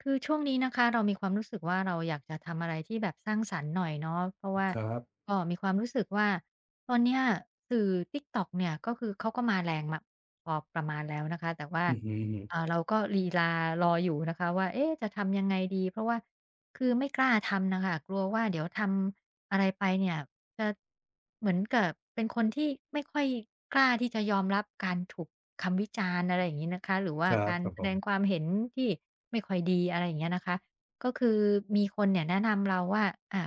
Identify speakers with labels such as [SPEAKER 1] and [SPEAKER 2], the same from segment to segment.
[SPEAKER 1] คือช่วงนี้นะคะ เรามีความรู้สึกว่า เราอยากจะทำอะไรที่แบบสร้างสรรค์หน่อยเนาะ เพราะว่า
[SPEAKER 2] ครับ
[SPEAKER 1] ก็มีความรู้สึกว่าตอนเนี้ย สื่อ Tiktok เนี่ย ก็คือเขาก็มาแรงมา พอประมาณแล้วนะคะ แต่ว่า
[SPEAKER 2] อือฮึ
[SPEAKER 1] อ
[SPEAKER 2] ๆ
[SPEAKER 1] ่า เราก็ลีลารออยู่ นะคะว่า "เอ๊ จะทำยังไงดี?" เพราะว่า คือไม่กล้าทำอะค่ะ กลัวว่าเดี๋ยวทำอะไรไปเนี่ย จะ เหมือนกับเป็นคนที่ไม่ค่อยกล้าที่จะยอมรับการถูกคำวิจารณ์ อะไรอย่างงี้นะคะ หรือว่
[SPEAKER 2] ค
[SPEAKER 1] า
[SPEAKER 2] รั
[SPEAKER 1] ก
[SPEAKER 2] บ
[SPEAKER 1] าร
[SPEAKER 2] ครับ
[SPEAKER 1] แส
[SPEAKER 2] ผ
[SPEAKER 1] ดง
[SPEAKER 2] ม
[SPEAKER 1] ความเห็นที่ไม่ค่อยดี อะไรอย่างเงี้ยนะคะ ก็คือมีคนเนี่ย แนะนำเราว่า "อา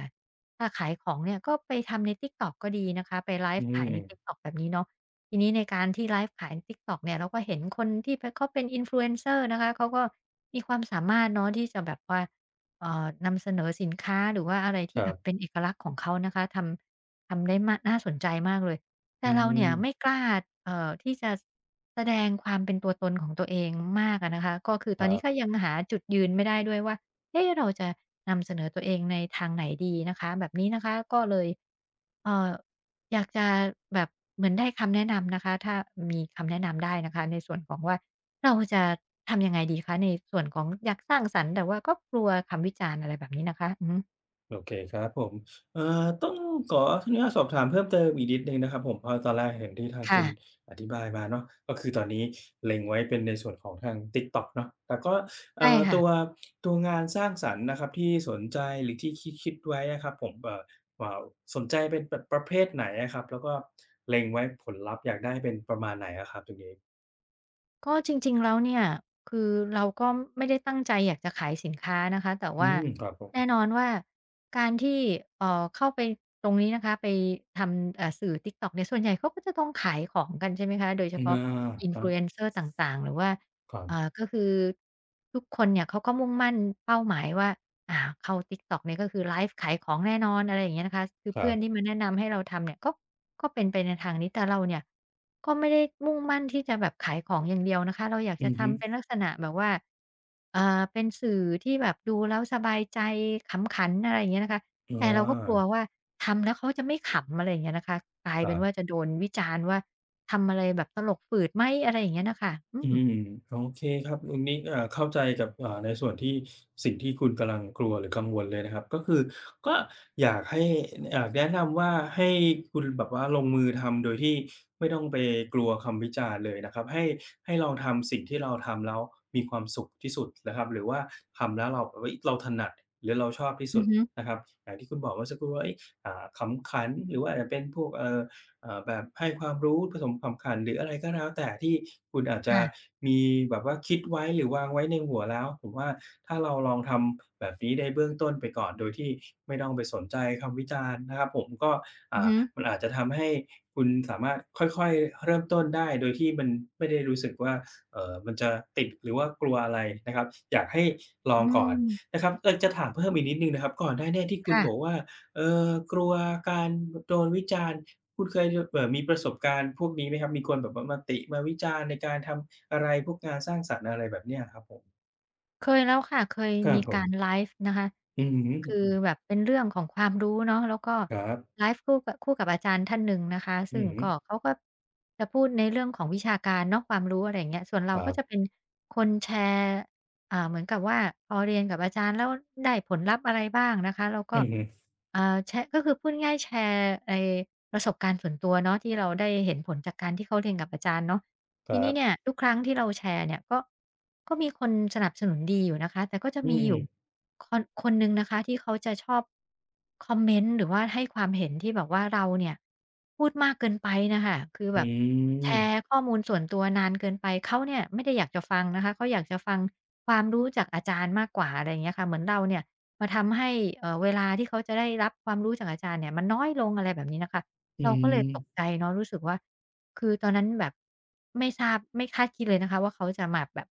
[SPEAKER 1] ถ้าขายของเนี่ย ก็ไปทำในTiktok ก็ดี" นะคะ ไปไล
[SPEAKER 2] อื
[SPEAKER 1] ฟ์ขายใน
[SPEAKER 2] ม
[SPEAKER 1] Tiktok แบบนี้เนาะ ทีนี้ในการที่ไลฟ์ขายใน Tiktok เนี่ย เราก็เห็นคนที่เป็น เขาเป็น Influencer นะคะ เขาก็มีความสามารถเนาะ ที่จะแบบว่า เอ่อ นำเสนอสินค้า หรือว่าอะไรที
[SPEAKER 2] ค
[SPEAKER 1] ่
[SPEAKER 2] ร
[SPEAKER 1] แ
[SPEAKER 2] ั
[SPEAKER 1] บ
[SPEAKER 2] บ
[SPEAKER 1] บเป็นเอกลักษณ์ของเขานะคะ ทำ ทำได้ม่า น่าสนใจมากเลย แต
[SPEAKER 2] อื
[SPEAKER 1] ่เราเนี่ย ไม
[SPEAKER 2] ม
[SPEAKER 1] ่กล้า เอ่อ ที่จะ ซ แสดงความเป็นตัวตนของตัวเองมากอะนะคะ ก็คือต
[SPEAKER 2] ค
[SPEAKER 1] อ
[SPEAKER 2] ร
[SPEAKER 1] น
[SPEAKER 2] ั
[SPEAKER 1] นี้
[SPEAKER 2] บ
[SPEAKER 1] ก็ยังหาจุดยืนไม่ได้ด้วยว่า "เอ๊ เราจะนำเสนอตัวเองในทางไหนดี?" นะคะ แบบนี้นะคะ ก็เลย เอ่อ อยากจะแบบเหมือนได้คำแนะนำนะคะ ถ้า อ มี คำแนะนำได้นะคะ ในส่วนของว่า เราจะทำยังไงดีคะ? ในส่วนของอยากสร้างสรรค์ แต่ว่าก็กลัวคำวิจารณ์ อะไรแบบนี้นะคะ อือฮึ
[SPEAKER 2] โอเคครับผม เอ่อ ต้องขออนุญาตสอบถามเพิ่มเติมอีกนิดหนึ่งนะครับผม เพราะตอนแรกอย่างที่ทาง
[SPEAKER 1] ค่
[SPEAKER 2] คุณ
[SPEAKER 1] ะ
[SPEAKER 2] อธิบายมาเนาะ ก็คือตอนนี้เล็งไว้เป็นในส่วนของทาง TikTok เนาะ แต่ก็
[SPEAKER 1] ใ
[SPEAKER 2] เ
[SPEAKER 1] ช
[SPEAKER 2] อ
[SPEAKER 1] ่
[SPEAKER 2] ่อ
[SPEAKER 1] ค่
[SPEAKER 2] ต
[SPEAKER 1] ะ
[SPEAKER 2] ัว ตัวงานสร้างสรรค์นะครับที่สนใจหรือที่คิด ๆ ไว้อะครับผม เอ่อ เอ่อ สนใจเป็นประเภทไหนอะครับ แล้วก็เล็งไว้ผลลัพธ์อยากได้เป็นประมาณไหนอะครับตรงนี้?
[SPEAKER 1] ก็จริง ๆ แล้วเนี่ยคือเราก็ไม่ได้ตั้งใจอยากจะขายสินค้านะคะ แต่
[SPEAKER 2] อ
[SPEAKER 1] ว
[SPEAKER 2] ื
[SPEAKER 1] ่า
[SPEAKER 2] ม ครับผ
[SPEAKER 1] แน่
[SPEAKER 2] ม
[SPEAKER 1] นอนว่าการที่ เอ่อ เข้าไปตรงนี้นะคะ ไปทำ อ่า สื่อ TikTok เนี่ย ส่วนใหญ่เขาก็จะต้องขายของกัน ใช่ไหมคะ โดยเฉ
[SPEAKER 2] อา
[SPEAKER 1] พาะ
[SPEAKER 2] ครับ
[SPEAKER 1] Influencer ต่าง ๆ หรือว่า
[SPEAKER 2] ครั
[SPEAKER 1] อ่
[SPEAKER 2] บ
[SPEAKER 1] า ก็คือทุกคนเนี่ยเขาก็มุ่งมั่นเป้าหมายว่า อ่า เข้า TikTok นี่ก็คือไลฟ์ขายของแน่นอน อะไรอย่างเงี้ยนะคะ คือ
[SPEAKER 2] ค
[SPEAKER 1] เพ
[SPEAKER 2] ร
[SPEAKER 1] ื
[SPEAKER 2] ั
[SPEAKER 1] ่อน
[SPEAKER 2] บ
[SPEAKER 1] ที่มาแนะนำให้เราทำเนี่ยก็ ก็เป็นไปในทางนี้ แต่เราเนี่ยก็ไม่ได้มุ่งมั่นที่จะแบบขายของ อย่างเดียวนะคะ เราอยาก
[SPEAKER 2] อ
[SPEAKER 1] จ
[SPEAKER 2] ื
[SPEAKER 1] ะ
[SPEAKER 2] อ
[SPEAKER 1] ท
[SPEAKER 2] ฮ
[SPEAKER 1] ำเป
[SPEAKER 2] ึ
[SPEAKER 1] ็นลักษณะแบบว่า เอ่อ เป็นสื่อที่แบบดูแล้วสบายใจ ขำขัน อะไรอย่างเงี้ยนะคะ
[SPEAKER 2] อ๋อ
[SPEAKER 1] แต่เราก็กลัวว่าทำแล้วเขาจะไม่ขำ อะไรอย่างเงี้ยนะคะ กลาย
[SPEAKER 2] ค
[SPEAKER 1] เ
[SPEAKER 2] รั
[SPEAKER 1] ป็นว
[SPEAKER 2] บ
[SPEAKER 1] ่าจะโดนวิจารณ์ว่า "ทำอะไร? แบบตลกฝืดไหม?" อะไรอย่างเงี้ยน่ะค่ะ อื
[SPEAKER 2] อื
[SPEAKER 1] ม
[SPEAKER 2] ม โอเคครับ คุณนี่ เอ่อ เข้าใจกับ อ่า ในส่วนที่ สิ่งที่คุณกำลังกลัว หรือกังวลเลยนะครับ ก็คือก็อยากให้ อ อยากแนะนำว่าให้คุณแบบว่าลงมือทำโดยที่ไม่ต้องไปกลัวคำวิจารณ์เลยนะครับ ให้ ให้ลองทำสิ่งที่เราทำแล้วมีความสุขที่สุดนะครับ หรือว่าทำแล้วเราแบบ เฮ้ย! เราถนัดหรือเราชอบที่
[SPEAKER 1] อื
[SPEAKER 2] สุ
[SPEAKER 1] อ
[SPEAKER 2] ด
[SPEAKER 1] ฮึ
[SPEAKER 2] นะครับ อย่างที่คุณบอกเมื่อสักครู่ว่า เฮ้ย! อ่า "ขำขัน หรือว่าอาจจะเป็นพวก เอ่อ เอ่อ แบบให้ความรู้ผสมขำขัน" หรืออะไรก็แล้วแต่ ที่คุณอาจจ
[SPEAKER 1] ค
[SPEAKER 2] ะ
[SPEAKER 1] ่ะ
[SPEAKER 2] มีแบบว่าคิดไว้ หรือวางไว้ในหัวแล้ว ผมว่าถ้าเราลองทำแบบนี้ได้เบื้องต้นไปก่อน โดยที่ไม่ต้องไปสนใจคำวิจารณ์นะครับผม ก็ อ
[SPEAKER 1] อื
[SPEAKER 2] ่
[SPEAKER 1] อฮ
[SPEAKER 2] า
[SPEAKER 1] ึ
[SPEAKER 2] มันอาจจะทำให้คุณสามารถค่อย ๆ เริ่มต้นได้โดยที่มันไม่ได้รู้สึกว่า เอ่อ มันจะติด หรือว่ากลัวอะไรนะครับ อยากให้ล
[SPEAKER 1] อ
[SPEAKER 2] อ
[SPEAKER 1] ื
[SPEAKER 2] งก่อน
[SPEAKER 1] ม
[SPEAKER 2] นะครับ เอ่อ จะถามเพิ่มอีกนิดหนึ่งนะครับ ก่อนหน้าเนี่ยที่ค
[SPEAKER 1] ค
[SPEAKER 2] ุณ
[SPEAKER 1] ่
[SPEAKER 2] บอ
[SPEAKER 1] ะ
[SPEAKER 2] กว่า เออ "กลัวการ ด โดนวิจารณ์" คุณเคย ย เอ่อ มีประสบการณ์พวกนี้ไหมครับ มีคนแบบว่ามาติ มาวิจารณ์ในการทำอะไร พวกงานสร้างสรรค์ อะไรแบบนี้ครับผม?
[SPEAKER 1] เคยแล้วค่ะ เคย
[SPEAKER 2] ครั
[SPEAKER 1] ม
[SPEAKER 2] บ
[SPEAKER 1] ี
[SPEAKER 2] ผ
[SPEAKER 1] การ
[SPEAKER 2] ม
[SPEAKER 1] ไลฟ์นะคะ
[SPEAKER 2] อือฮ
[SPEAKER 1] คือ
[SPEAKER 2] ึ
[SPEAKER 1] แบบเป็นเรื่องของ ความรู้เนาะ แล้วก็
[SPEAKER 2] ครับ
[SPEAKER 1] ไลฟ์คู่กะ คู่กับอาจารย์ท่านหนึ่งนะคะ ซ
[SPEAKER 2] อื
[SPEAKER 1] ึ่ง
[SPEAKER 2] อฮึ
[SPEAKER 1] ก็เขาก็ จะพูดในเรื่องของวิชาการเนาะ ความรู้ อะไรอย่างเงี้ย ส่วนเรา
[SPEAKER 2] ครั
[SPEAKER 1] ก็
[SPEAKER 2] บ
[SPEAKER 1] จะเป็นคนแชร์ อ่า เหมือนกับว่า พอเรียนกับอาจารย์แล้วได้ผลลัพธ์อะไรบ้างนะคะ แล้วก
[SPEAKER 2] อ
[SPEAKER 1] ็
[SPEAKER 2] ือฮึ
[SPEAKER 1] อ่า แชะ ก็คือพูดง่าย ๆ แชร์ไอประสบการณ์ส่วนตัวเนาะ ที่เราได้เห็นผลจากการที่เขาเรียนกับอาจารย์เนาะ
[SPEAKER 2] ค
[SPEAKER 1] ที
[SPEAKER 2] รั
[SPEAKER 1] นี้
[SPEAKER 2] บ
[SPEAKER 1] เนี่ยทุกครั้งที่เราแชร์เนี่ย ก็ ก็มีคนสนับสนุนดีอยู่นะคะ แต่ก็จะ
[SPEAKER 2] อื
[SPEAKER 1] มีอยู่
[SPEAKER 2] ม
[SPEAKER 1] คน คนหนึ่งนะคะที่เขาจะชอบ คอมเมนต์ หรือว่าให้ความเห็นที่แบบว่า เราเนี่ยพูดมากเกินไปน่ะค่ะ คือแ
[SPEAKER 2] อ
[SPEAKER 1] บ
[SPEAKER 2] ื
[SPEAKER 1] บแช
[SPEAKER 2] ม
[SPEAKER 1] ร์ข้อมูลส่วนตัวนานเกินไป เขาเนี่ยไม่ได้อยากจะฟังนะคะ เขาอยากจะฟังความรู้จากอาจารย์มากกว่า อะไรเงี้ยค่ะ เหมือนเราเนี่ยมาทำให้ เอ่อ เวลาที่เขาจะได้รับความรู้จากอาจารย์เนี่ยมันน้อยลง อะไรแบบนี้นะคะ
[SPEAKER 2] อื
[SPEAKER 1] เราก็เลยต
[SPEAKER 2] ม
[SPEAKER 1] กใจเนาะ รู้สึกว่า คือตอนนั้นแบบไม่ทราบ ไม่คาดคิดเลยนะคะว่า เขาจะมา แบบ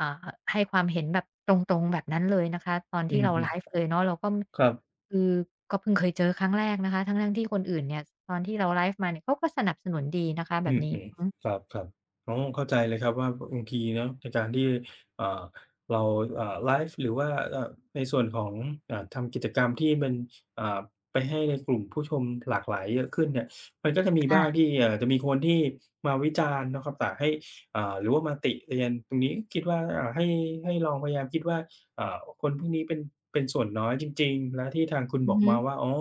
[SPEAKER 1] อ่า ห ให้ความเห็นแบบตรง ๆ แบบนั้นเลยนะคะ ตอนท
[SPEAKER 2] อื
[SPEAKER 1] ี่
[SPEAKER 2] อ
[SPEAKER 1] เรา
[SPEAKER 2] ฮ
[SPEAKER 1] ไ
[SPEAKER 2] ึ
[SPEAKER 1] ลฟ์เลยเนาะ เราก็
[SPEAKER 2] ครับ
[SPEAKER 1] คือก็เพิ่งเคยเจอครั้งแรกนะคะ ทั้ง ๆ ที่คนอื่นเนี่ย ตอนที่เราไลฟ์มาเนี่ย เขาก็สนับสนุนดีนะคะแบ
[SPEAKER 2] อื
[SPEAKER 1] บ
[SPEAKER 2] อ
[SPEAKER 1] นี
[SPEAKER 2] ฮ
[SPEAKER 1] ้
[SPEAKER 2] ึ ครับ ๆ อ๋อ เข้าใจเลยครับว่า อ บางทีเนาะ ในการที่ เอ่อ เรา เอ่อ ไลฟ์ หรือว่า อ่า ในส่วนของ อ่า ทำกิจกรรมที่มัน อ่า ไปให้ในกลุ่มผู้ชมหลากหลายเยอะขึ้นเนี่ย มันก็จะม
[SPEAKER 1] ค
[SPEAKER 2] ี
[SPEAKER 1] ่
[SPEAKER 2] บ้าง
[SPEAKER 1] ะ
[SPEAKER 2] ที่ เอ่อ จะมีคนที่มาวิจารณ์นะครับ ป่าให้ อ่า หรือว่ามาติเตียน ตรงนี้คิด ว่า อ่า ให้ ให้ลองพยายามคิดว่า อ่า คนพวกนี้เป็น เป็นส่วนน้อยจริง ๆ แล้วที่ทางคุณ
[SPEAKER 1] อื
[SPEAKER 2] บ
[SPEAKER 1] อ
[SPEAKER 2] อก
[SPEAKER 1] ฮ
[SPEAKER 2] มา
[SPEAKER 1] ึ
[SPEAKER 2] อ๋อ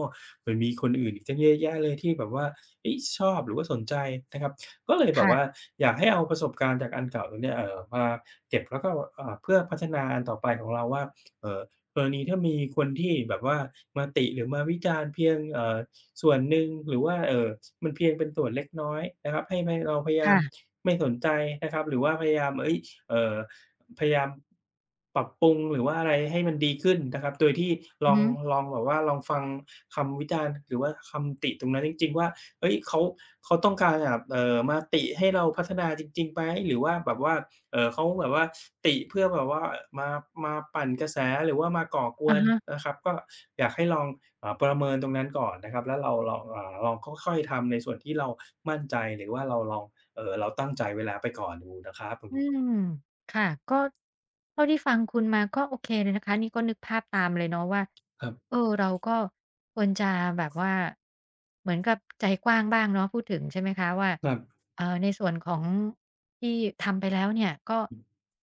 [SPEAKER 2] มันมีคนอื่นอีกตั้งเยอะแยะเลยที่แบบว่า เฮ่ย ชอบหรือว่าสนใจนะครับ ก็เลย
[SPEAKER 1] ค
[SPEAKER 2] แบ
[SPEAKER 1] ่
[SPEAKER 2] บว่
[SPEAKER 1] ะ
[SPEAKER 2] า อยากให้เอาประสบการณ์จากอันเก่าตรงเนี้ย เอ่อ มาเก็บ แล้วก็ อ่า เพื่อพัฒนาอันต่อไปของเราว่า เอ่อ กรณีถ้ามีคนที่แบบว่ามาติ หรือมาวิจารณ์เพียง เอ่อ ส่วนหนึ่ง หรือว่า เอ่อ มันเพียงเป็นส่วนเล็กน้อยนะครับ ให้ไม่ เราพยาย
[SPEAKER 1] ค
[SPEAKER 2] า
[SPEAKER 1] ่
[SPEAKER 2] ม
[SPEAKER 1] ะ
[SPEAKER 2] ไม่สนใจนะครับ หรือว่าพยายาม เฮ่ย เอ่อ พยายาม ปรับปรุง หรือว่าอะไรให้มันดีขึ้นนะครับ โดยที่ล
[SPEAKER 1] อือ
[SPEAKER 2] อ
[SPEAKER 1] ฮ
[SPEAKER 2] ง
[SPEAKER 1] ึ
[SPEAKER 2] ลอง แบบว่าลองฟังคำวิจารณ์หรือว่าคำติตรงนั้นจริง ๆ ว่า เฮ้ย เขา เขาต้องการแบบ เอ่อ มาติให้เราพัฒนาจริง ๆ ไหม? หรือว่า แบบว่า เอ่อ เขาแบบว่าติเพื่อแบบว่า เอ่อ มา มาปั่นกระแสหรือว่ามาก่อก
[SPEAKER 1] อ
[SPEAKER 2] ว
[SPEAKER 1] ะ
[SPEAKER 2] น
[SPEAKER 1] ฮะ
[SPEAKER 2] นะครับ? ก็อยากให้ลอง เอ่อ ประเมินตรงนั้นก่อนนะครับ แล้วเราลอง อ่า ลองค่อย ๆ ทำในส่วนที่เรามั่นใจ หรือว่าเราลอง เอ่อ เราตั้งใจไว้แล้วไปก่อนดูนะครั
[SPEAKER 1] อื
[SPEAKER 2] บ
[SPEAKER 1] ม ค่ะ ก็ เท่าที่ฟังคุณมาก็โอเคเลยนะคะ นี่ก็นึกภาพตามเลยเนาะว่า
[SPEAKER 2] ครับ
[SPEAKER 1] เออ เราก็ควรจะแบบว่า เหมือนกับใจกว้างบ้างเนาะ พูดถึง ใช่ไหมคะว่า
[SPEAKER 2] ครับ
[SPEAKER 1] เอ่อ ในส่วนของ ที่ทำไปแล้วเนี่ย ก็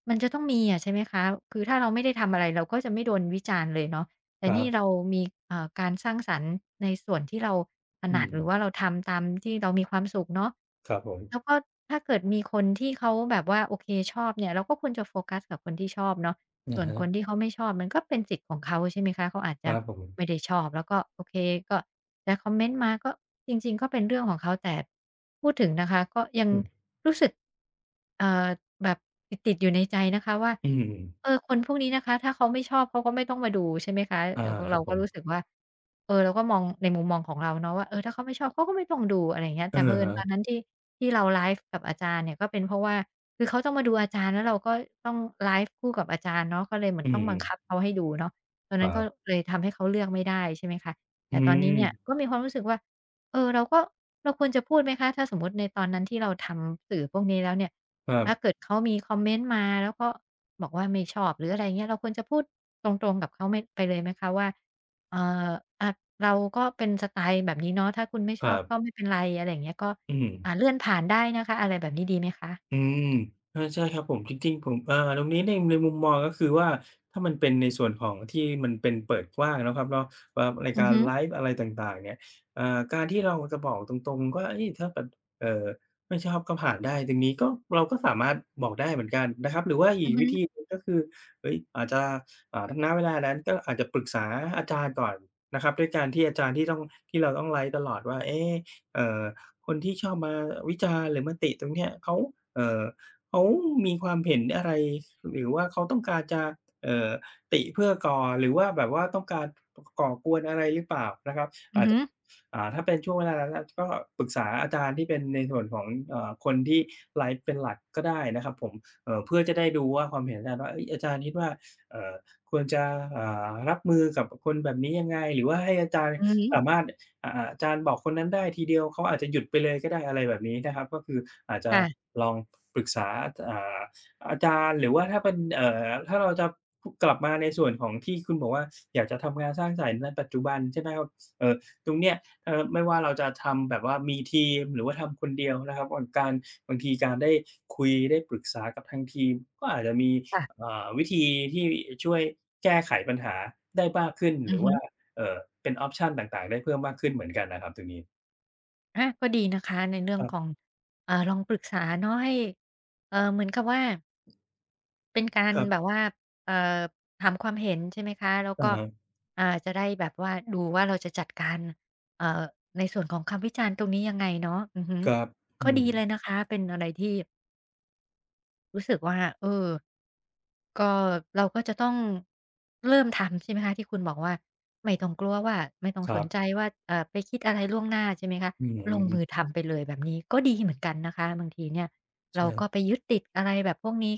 [SPEAKER 1] มันจะต้องมีอะ ใช่ไหมคะ คือถ้าเราไม่ได้ทำอะไร เราก็จะไม่โดนวิจารณ์เลยเนาะ แต่
[SPEAKER 2] ครั
[SPEAKER 1] นี่
[SPEAKER 2] บ
[SPEAKER 1] เรามี เอ่อ การสร้างสรรค์ในส่วนที่เราถ
[SPEAKER 2] อื
[SPEAKER 1] นัด หรือ
[SPEAKER 2] ม
[SPEAKER 1] ว่าเราทำตามที่เรามีความสุขเนาะ
[SPEAKER 2] ครับผม
[SPEAKER 1] แล้วก็ถ้าเกิดมีคนที่เขาแบบว่า โอเค ชอบเนี่ย เราก็ควรจะโฟกัสกับคนที่ชอบเนาะ
[SPEAKER 2] อ
[SPEAKER 1] ส่
[SPEAKER 2] ะ
[SPEAKER 1] วน
[SPEAKER 2] ฮ
[SPEAKER 1] คน
[SPEAKER 2] ะ
[SPEAKER 1] ที่เขาไม่ชอบมันก็เป็นสิทธิ์ของเขา ใช่ไหมคะ เขาอาจจ
[SPEAKER 2] คร
[SPEAKER 1] ะ
[SPEAKER 2] ับผ
[SPEAKER 1] ไ
[SPEAKER 2] ม
[SPEAKER 1] ม่ได้ชอบ แล้วก็ โอเค ก็จะคอมเมนต์มา ก็จริง ๆ ก็เป็นเรื่องของเขา แต่พูดถึงนะคะ ก็ยัง
[SPEAKER 2] อืม
[SPEAKER 1] รู้สึก เอ่อ แบบติด ๆ อยู่ในใจนะคะว่า
[SPEAKER 2] อืม
[SPEAKER 1] เออ คนพวกนี้นะคะ ถ้าเขาไม่ชอบเขาก็ไม่ต้องมาดู ใช่ไหมคะ
[SPEAKER 2] อา
[SPEAKER 1] เราก็
[SPEAKER 2] ค
[SPEAKER 1] เ
[SPEAKER 2] ร
[SPEAKER 1] ร
[SPEAKER 2] ั
[SPEAKER 1] า
[SPEAKER 2] บ
[SPEAKER 1] ก
[SPEAKER 2] ผ
[SPEAKER 1] ็รู
[SPEAKER 2] ม
[SPEAKER 1] ้สึกว่า เอ่อ เราก็มองในมุมมองของเราเนาะว่า เออ ถ้าเขาไม่ชอบ เขาก็ไม่ต้องดู อะไรอย่างเงี้ย
[SPEAKER 2] อ
[SPEAKER 1] แต่
[SPEAKER 2] ะ
[SPEAKER 1] เผอิ
[SPEAKER 2] ฮ
[SPEAKER 1] ญตอน
[SPEAKER 2] ะ
[SPEAKER 1] นั้นที่ ที่เราไลฟ์กับอาจารย์เนี่ย ก็เป็นเพราะว่า คือเขาต้องมาดูอาจารย์ แล้วเราก็ต้องไลฟ์คู่กับอาจารย์เนาะ ก็เลยเหมือ
[SPEAKER 2] อ
[SPEAKER 1] น
[SPEAKER 2] ื
[SPEAKER 1] ต้องบังค
[SPEAKER 2] อ
[SPEAKER 1] ับเขาให้ดูเนาะ ตอนน
[SPEAKER 2] ค
[SPEAKER 1] ั้
[SPEAKER 2] ร
[SPEAKER 1] น
[SPEAKER 2] ั
[SPEAKER 1] ก็
[SPEAKER 2] บ
[SPEAKER 1] เลยทำให้เขาเลือกไม่ได้ ใช่ไหมคะ แ
[SPEAKER 2] อ
[SPEAKER 1] ต
[SPEAKER 2] ื
[SPEAKER 1] ่ตอนนี้เนี่ย
[SPEAKER 2] ม
[SPEAKER 1] ก็มีความรู้สึกว่า เออ เราก็ เราควรจะพูดไหมคะ? ถ้าสมมุติในตอนนั้นที่เราทำสื่อพวกนี้แล้วเนี่ย
[SPEAKER 2] คร
[SPEAKER 1] ถ้า
[SPEAKER 2] ับ
[SPEAKER 1] เกิดเขามีคอมเมนต์มา แล้วก็บอกว่าไม่ชอบ หรือ อะไรเงี้ย เราควรจะพูดตรง ๆ กับเขาไหม ไปเลยไหมคะว่า เอ่อ อะ เราก็เป็นสไตล์แบบนี้เนาะ ถ้าคุณไม่
[SPEAKER 2] ค
[SPEAKER 1] ช
[SPEAKER 2] ร
[SPEAKER 1] อ
[SPEAKER 2] ั
[SPEAKER 1] บ
[SPEAKER 2] บ
[SPEAKER 1] ก็ไม่เป็นไร อะไรอย่างเงี้ย ก็
[SPEAKER 2] อื
[SPEAKER 1] อ่
[SPEAKER 2] ม
[SPEAKER 1] า เลื่อนผ่านได้นะคะ อะไรแบบนี้ดีไหมคะ?
[SPEAKER 2] อืม เออ ใช่ครับผม จริง ๆ ผม เอ่อ ตรงนี้ใน ในมุมมอง ก็คือว่า ถ้ามันเป็นในส่วนของที่มันเป็นเปิดกว้างเนาะครับเนาะ ครับ ราย
[SPEAKER 1] อื
[SPEAKER 2] ก
[SPEAKER 1] อ
[SPEAKER 2] า
[SPEAKER 1] ฮ
[SPEAKER 2] ร
[SPEAKER 1] ึ
[SPEAKER 2] ไลฟ์อะไรต่าง ๆ เนี่ย เอ่อ การที่เราอะจะบอกตรง ๆ ก็ เฮ่ย ถ้าแบบ เอ่อ ไม่ชอบก็ผ่านได้ อย่างงี้ก็ เราก็สามารถบอกได้เหมือนกันนะครับ หรือว่าอ
[SPEAKER 1] อื
[SPEAKER 2] ี
[SPEAKER 1] อ
[SPEAKER 2] ก
[SPEAKER 1] ฮ
[SPEAKER 2] วิธ
[SPEAKER 1] ึ
[SPEAKER 2] ีหนึ่ง ก็คือ เฮ้ย อาจจะ อ่า ถ้า ณ เวลานั้นก็อาจจะปรึกษาอาจารย์ก่อนนะครับ ด้วยการที่อาจารย์ที่ต้อง ที่เราต้องไลฟ์ตลอดว่า เอ๊ เอ่อ คนที่ชอบมาวิจารณ์หรือมาติตรงเนี้ย เขา เอ่อ เขามีความเห็นอะไร? หรือว่าเขาต้องการจะ เอ่อ ติเพื่อก่อ หรือว่าแบบว่าต้องการ ก่อกวนอะไรหรือเปล่า? นะครับ
[SPEAKER 1] อื
[SPEAKER 2] อ
[SPEAKER 1] อ
[SPEAKER 2] า
[SPEAKER 1] ฮ
[SPEAKER 2] จ
[SPEAKER 1] ึ
[SPEAKER 2] อ่า ถ้าเป็นช่วงเวลานั้นแล้วก็ปรึกษาอาจารย์ที่เป็นในส่วนของ อ่า คนที่ไลฟ์เป็นหลักก็ได้นะครับผม เอ่อ เพื่อจะได้ดูว่า ความเห็นอาจารย์ว่า เฮ่ย อาจารย์คิดว่า เอ่อ ควรจะ อ่า รับมือกับ อ คนแบบนี้ยังไง? หรือว่าให้อาจารย์
[SPEAKER 1] อือฮ
[SPEAKER 2] ส
[SPEAKER 1] ึ
[SPEAKER 2] ามารถ อ อ่า อาจารย์บอกคนนั้นได้ทีเดียว เขาอาจจะหยุดไปเลยก็ได้ อะไรแบบนี้นะครับ ก็คืออาจจ
[SPEAKER 1] ค
[SPEAKER 2] ะ
[SPEAKER 1] ่ะ
[SPEAKER 2] ลองปรึกษา อ อ่า อาจารย์หรือว่าถ้าเป็น เอ่อ ถ้าเราจะ อ กลับมาในส่วนของที่คุณบอกว่า อยากจะทำงานสร้างสรรค์งานปัจจุบัน ใช่ไหมครับ เอ่อ ตรงเนี้ย เอ่อ ไม่ว่าเราจะทำแบบว่ามีทีม หรือว่าทำคนเดียวนะครับ อ้นการ บางทีการได้คุยได้ปรึกษากับทางทีม ก็อาจจะมี
[SPEAKER 1] ค่ะ
[SPEAKER 2] เอ่อ วิธีที่ อ ช่วยแก้ไขปัญหาได้มากขึ้น
[SPEAKER 1] อื
[SPEAKER 2] หร
[SPEAKER 1] อ
[SPEAKER 2] ือ
[SPEAKER 1] ฮ
[SPEAKER 2] ว่า
[SPEAKER 1] ึ
[SPEAKER 2] เอ่อ เป็น ออปชัน ต่าง ๆ ได้เพิ่มมากขึ้นเหมือนกันน่ะครับตรงนี้
[SPEAKER 1] ก็ดีนะคะในเรื่อง
[SPEAKER 2] ครับ
[SPEAKER 1] ของ อ่า ลองปรึกษาเนาะให้ เอ่อ เหมือนกับว่า เป็นการ
[SPEAKER 2] ครับ
[SPEAKER 1] แบบว่า เอ่อ ถามความเห็น ใช่ไหมคะ แล้ว
[SPEAKER 2] อื
[SPEAKER 1] ก
[SPEAKER 2] อ
[SPEAKER 1] ็
[SPEAKER 2] ฮึ
[SPEAKER 1] อ่า จะได้แบบว่าดูว่าเราจะจัดการ เอ่อ ในส่วนของคำวิจารณ์ตรงนี้ยังไงเนาะ อือฮึ
[SPEAKER 2] ครับ อื
[SPEAKER 1] ก็ดีเ
[SPEAKER 2] ม
[SPEAKER 1] ลยนะคะ เป็นอะไรที่ รู้สึกว่า เออ ก็เราก็จะต้องเริ่มทำ ใช่ไหมคะ ที่คุณบอกว่า ไม่ต้องกลัวว่า ไม่ต้อง
[SPEAKER 2] คร
[SPEAKER 1] ส
[SPEAKER 2] ั
[SPEAKER 1] น
[SPEAKER 2] บ
[SPEAKER 1] ใจว่า เอ่อ ไปคิดอะไรล่วงหน้าใช่ไหมคะ
[SPEAKER 2] อือฮ
[SPEAKER 1] ลงมื
[SPEAKER 2] ึ
[SPEAKER 1] อทำไปเลยแบบนี้ก็ดีเหมือนกันนะคะ บางทีเนี่ย
[SPEAKER 2] ใ
[SPEAKER 1] เ
[SPEAKER 2] ช
[SPEAKER 1] ราก็
[SPEAKER 2] ่
[SPEAKER 1] ไปยึดติดอะไรแบบพวกนี้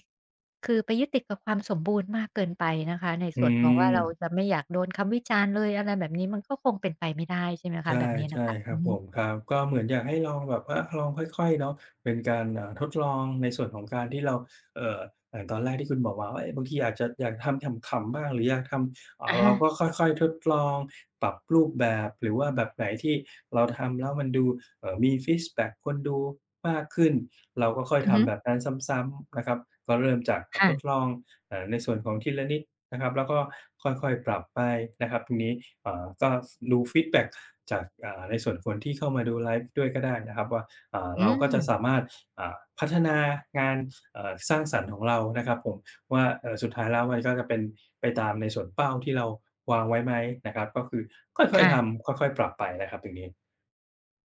[SPEAKER 1] คือไปยึดติดกับความสมบูรณ์มากเกินไปนะคะ ใน
[SPEAKER 2] อื
[SPEAKER 1] ส่วนของว่าเรา
[SPEAKER 2] ม
[SPEAKER 1] จะไม่อยากโดนคำวิจารณ์เลย อะไรแบบนี้ มันก็คงเป็นไปไม่ได้ ใช่ไหมค
[SPEAKER 2] ใช
[SPEAKER 1] ะ แบ
[SPEAKER 2] ่
[SPEAKER 1] บนี้
[SPEAKER 2] ใ
[SPEAKER 1] น
[SPEAKER 2] ช
[SPEAKER 1] ะ
[SPEAKER 2] ่
[SPEAKER 1] คะ
[SPEAKER 2] คร
[SPEAKER 1] อื
[SPEAKER 2] ับ
[SPEAKER 1] อฮ
[SPEAKER 2] ผ
[SPEAKER 1] ึ
[SPEAKER 2] ม ครับ ก็เหมือนอยากให้ลองแบบว่าลองค่อย ๆ เนาะ เป็นการ อ่า ทดลองในส่วนของการที่เรา เอ่อ ตอนแรกที่คุณบอกมาว่า บางทีอาจจะอยากทำขำ ๆ บ้าง หรืออยากท
[SPEAKER 1] อะ
[SPEAKER 2] ำ
[SPEAKER 1] ฮ
[SPEAKER 2] เรา
[SPEAKER 1] ะ
[SPEAKER 2] ก็ค่อย ๆ ทดลองปรับรูปแบบ หรือว่าแบบไหนที่เราทำแล้วมันดู เอ่อ มีฟีดแบ็กควรดูมากขึ้น เราก็ค่อย
[SPEAKER 1] อือ
[SPEAKER 2] ท
[SPEAKER 1] ฮึ
[SPEAKER 2] ำแบบนั้นซ้ำ ๆ นะครับ ก็เริ่มจาก
[SPEAKER 1] ค่
[SPEAKER 2] ทด
[SPEAKER 1] ะ
[SPEAKER 2] ลอง เอ่อ ในส่วนของทีละนิดนะครับ แล้วก็ค่อย ๆ ปรับไปนะครับ ตรงนี้ เอ่อ ก็ดูฟีดแบ็กจาก อ่า ในส่วนคนที่เข้ามาดูไลฟ์ด้วยก็ได้นะครับว่า อ่า
[SPEAKER 1] อื
[SPEAKER 2] เราก็จะ
[SPEAKER 1] ม
[SPEAKER 2] สามารถ อ่า พัฒนางาน อ่า สร้างสรรค์ของเรานะครับผม ว่า เอ่อ สุดท้ายแล้วมันก็จะเป็นไปตามในส่วนเป้าที่เราวางไว้ไหมนะครับ ก็คือค่
[SPEAKER 1] ค
[SPEAKER 2] อย
[SPEAKER 1] ่
[SPEAKER 2] ๆ ท
[SPEAKER 1] ะ
[SPEAKER 2] ำค่อย ๆ ปรับไปนะครับตรงนี้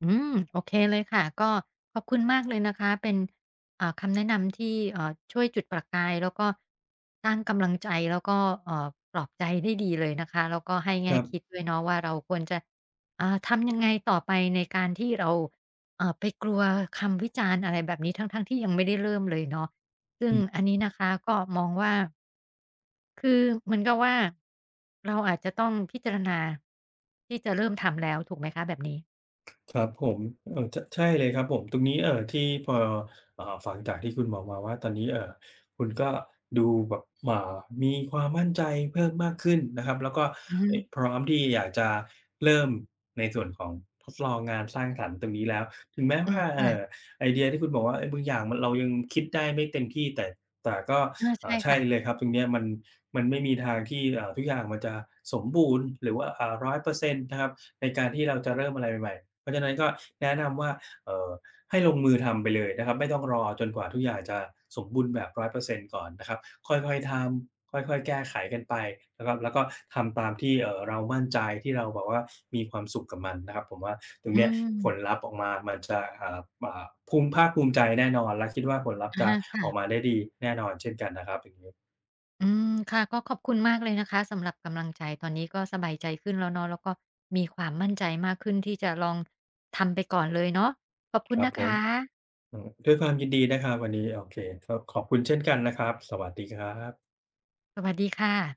[SPEAKER 1] อืม โอเคเลยค่ะ ก็ขอบคุณมากเลยนะคะ เป็น อ่า คำแนะนำที่ เอ่อ ช่วยจุดประกาย แล้วก็สร้างกำลังใจ แล้วก็ เอ่อ ปลอบใจได้ดีเลยนะคะ แล้วก็ให้แง
[SPEAKER 2] ค
[SPEAKER 1] ่
[SPEAKER 2] รั
[SPEAKER 1] ค
[SPEAKER 2] บ
[SPEAKER 1] ิดด้วยเนาะว่า เราควรจะ อ่า ทำยังไงต่อไปในการที่เรา อ่า ไปกลัวคำวิจารณ์อะไรแบบนี้ ทั้ง ๆ ที่ยังไม่ได้เริ่มเลยเนาะ ซึ่
[SPEAKER 2] อ
[SPEAKER 1] ง
[SPEAKER 2] ื
[SPEAKER 1] อันนี้
[SPEAKER 2] ม
[SPEAKER 1] นะคะ ก็มองว่า คือเหมือนกับว่า เราอาจจะต้องพิจารณาที่จะเริ่มทำแล้ว ถูกไหมคะแบบนี้?
[SPEAKER 2] ครับผม เอ่อ ช ใช่เลยครับผม ตรงนี้ เอ่อ ที่พอ อ่า ฟังจากที่คุณบอกมาว่า ตอนนี้ เอ่อ คุณก็ดูแบบ อ่า มีความมั่นใจเพิ่มมากขึ้นนะครับ แล้วก็
[SPEAKER 1] อือฮ
[SPEAKER 2] เอ๊ย
[SPEAKER 1] ึ
[SPEAKER 2] พร้อมที่อยากจะเริ่มในส่วนของทดลองงานสร้างสรรค์ตรงนี้แล้ว ถึงแม้
[SPEAKER 1] อ
[SPEAKER 2] ว
[SPEAKER 1] ืม
[SPEAKER 2] ่า
[SPEAKER 1] ค
[SPEAKER 2] เอ
[SPEAKER 1] ่
[SPEAKER 2] ่
[SPEAKER 1] ะ
[SPEAKER 2] อ ไอเดียที่คุณบอกว่า เอ่อ บางอย่างเรายังคิดได้ไม่เต็มที่ แต่ แต่ก็
[SPEAKER 1] อา
[SPEAKER 2] เ
[SPEAKER 1] ใ
[SPEAKER 2] อ
[SPEAKER 1] ช
[SPEAKER 2] ่
[SPEAKER 1] ่
[SPEAKER 2] อ ใช
[SPEAKER 1] ค
[SPEAKER 2] ่
[SPEAKER 1] ่ะ
[SPEAKER 2] เลยครับ ตรงเนี้ยมัน มันไม่มีทางที่ เอ่อ ทุกอย่างมันจะสมบูรณ์ หรือว่า อ่า 100% นะครับ ในการที่เราจะเริ่มอะไรใหม่ ๆ เพราะฉะนั้นก็แนะนำว่า เอ่อ ให้ลงมือทำไปเลยนะครับ ไม่ต้องรอจนกว่าทุกอย่างจะสมบูรณ์แบบ 100% ก่อนนะครับ ค่อย ๆ ทำ ค่อย ๆ แก้ไขกันไปนะครับ แล้วก็ทำตามที่ เอ่อ เรามั่นใจ ที่เราแบบมีความสุขกับมันนะครับ ผมว่าตรง
[SPEAKER 1] อื
[SPEAKER 2] นี้ผล
[SPEAKER 1] ม
[SPEAKER 2] ลัพธ์ออกมามันจะ อ่า ภูมิ ภาคภูมิใจแน่นอนและคิดว่าผลลัพ
[SPEAKER 1] อ
[SPEAKER 2] ธ์
[SPEAKER 1] ะ
[SPEAKER 2] จะ
[SPEAKER 1] ฮะ ค่
[SPEAKER 2] ออก
[SPEAKER 1] ะ
[SPEAKER 2] มาได้ดีแน่นอนเช่นกันนะครับ อย่างงี้
[SPEAKER 1] อืม ค่ะ ก็ขอบคุณมากเลยนะคะสำหรับกำลังใจ ตอนนี้ก็สบายใจขึ้นแล้วเนาะ แล้วก็มีความมั่นใจมากขึ้นที่จะลองทำไปก่อนเลยเนาะ ขอบคุ
[SPEAKER 2] ค
[SPEAKER 1] ณ
[SPEAKER 2] รั
[SPEAKER 1] น
[SPEAKER 2] บ
[SPEAKER 1] ะ
[SPEAKER 2] ผ
[SPEAKER 1] ค
[SPEAKER 2] ม
[SPEAKER 1] ะ
[SPEAKER 2] อืม ด้วยความยินดีนะครับวันนี้ โอเค ก็ขอบคุณเช่นกันนะครับ สวัสดีครับ
[SPEAKER 1] สวัสดีค่ะ